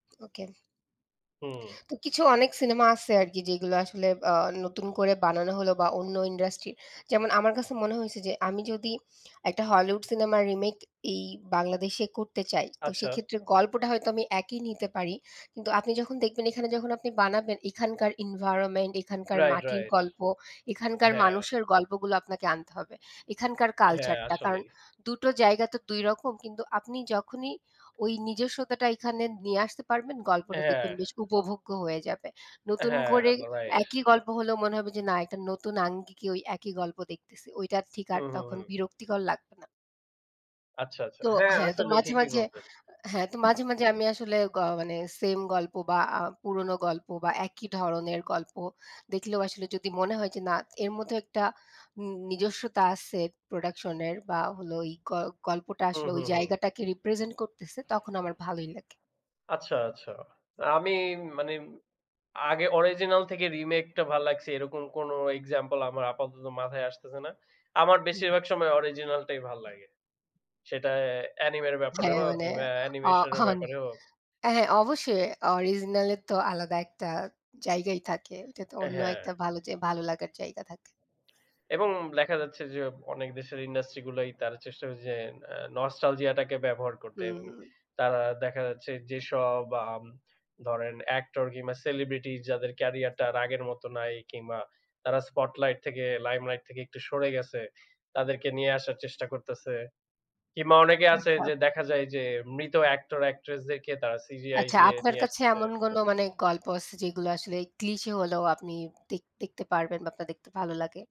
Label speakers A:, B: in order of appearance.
A: Okay.
B: হুম।
A: তো কিছু অনেক সিনেমা আছে আরকি যেগুলো আসলে আ নতুন করে বানানো হলো বা অন্য industry যেমন আমার কাছে মনে হইছে যে আমি যদি একটা Hollywood সিনেমার remake এই বাংলাদেশে করতে চাই তো
B: আচ্ছা।
A: সেক্ষেত্রে গল্পটা হয়তো আমি একই নিতে পারি। কিন্তু আপনি যখন দেখবেন এখানে যখন আপনি বানাবেন, এখানকার environment এখানকার
B: Right,
A: মাটির
B: right
A: গল্প, এখানকার
B: হ্যাঁ।
A: মানুষের গল্পগুলো আপনাকে আনতে হবে, এখানকার
B: হ্যাঁ,
A: culture টা. কারণ
B: আসলেই।
A: দুটো জায়গা তো দুই রকম। কিন্তু আপনি যখনই ওই নিজস্বতাটা এখানে নিয়ে আসতে পারবেন, গল্পটা দেখবেন
B: হ্যাঁ।
A: বেশ উপভোগ্য হয়ে যাবে। নতুন
B: হ্যাঁ,
A: করে
B: right.
A: একই গল্প হলেও মনে হবে যে না একটা নতুন আঙ্গিকে ওই একই গল্প দেখতেছি. ওইটা ঠিক আর
B: হুম, হুম,
A: তখন
B: হুম।
A: বিরক্তিকর লাগবে না।
B: আচ্ছা, আচ্ছা
A: তো
B: হ্যাঁ,
A: হ্যাঁ, তো
B: আসলে
A: মাঝে,
B: ঠিকই
A: মাঝে
B: বলছেন।
A: হ্যাঁ, তো মাঝে, মাঝে আমি আসলে গ মানে same গল্প বা আ পুরনো গল্প বা একই ধরনের গল্প দেখলেও আসলে যদি মনে হয় যে না এর মধ্যে একটা উন নিজস্বতা আছে production এর বা হলো ওই গ গল্পটা
B: হুম,
A: আসলে ওই
B: হুম, হুম।
A: জায়গাটাকে represent করতেছে, তখন আমার ভালোই লাগে।
B: আচ্ছা, আচ্ছা। আ আমি মানে আগে original থেকে remake টা ভাল লাগছে এরকম কোন example আমার আপাতত মাথায় আসতেছে না। আমার
A: হুম।
B: বেশিরভাগ সময় original টাই ভাল লাগে। সেটা anime এর ব্যাপারে
A: হ্যাঁ,
B: হোক
A: মানে
B: কিংবা
A: আ
B: animation এর
A: হ্যাঁন
B: ব্যাপারে হোক।
A: এ হ্যাঁ, অবশ্যই original এর তো আলাদা একটা জায়গাই থাকে। ওইটা তো
B: অ্যা
A: অন্য
B: হ্যাঁ।
A: একটা ভালো যে ভালো লাগার জায়গা থাকে।
B: এবং দেখা যাচ্ছে যে অনেক দেশের industry গুলাই তারা চেষ্টা করছে যে অ্যা nostalgia টাকে ব্যবহার করতে
A: হুম,
B: এবং
A: হুম।
B: তারা দেখা যাচ্ছে যেসব আম ধরেন actor কিংবা celebrity যাদের career টা আর আগের মত নাই কিংবা তারা spotlight থেকে limelight থেকে একটু সরে গেছে, তাদেরকে নিয়ে আসার চেষ্টা করতেছে। কিংবা অনেকে আছে
A: আচ্ছা।
B: যে দেখা যায় যে মৃত actor, actress দেরকে তারা CGI
A: আচ্ছা,
B: দিয়ে
A: আপনার
B: নিয়ে
A: কাছে এমন
B: আসতেছে।
A: কোন মানে গল্প আছে যেগুলো আসলে cliche হলেও আপনি দেক দেখতে পারবেন বা আপনার দেখতে ভালো লাগে?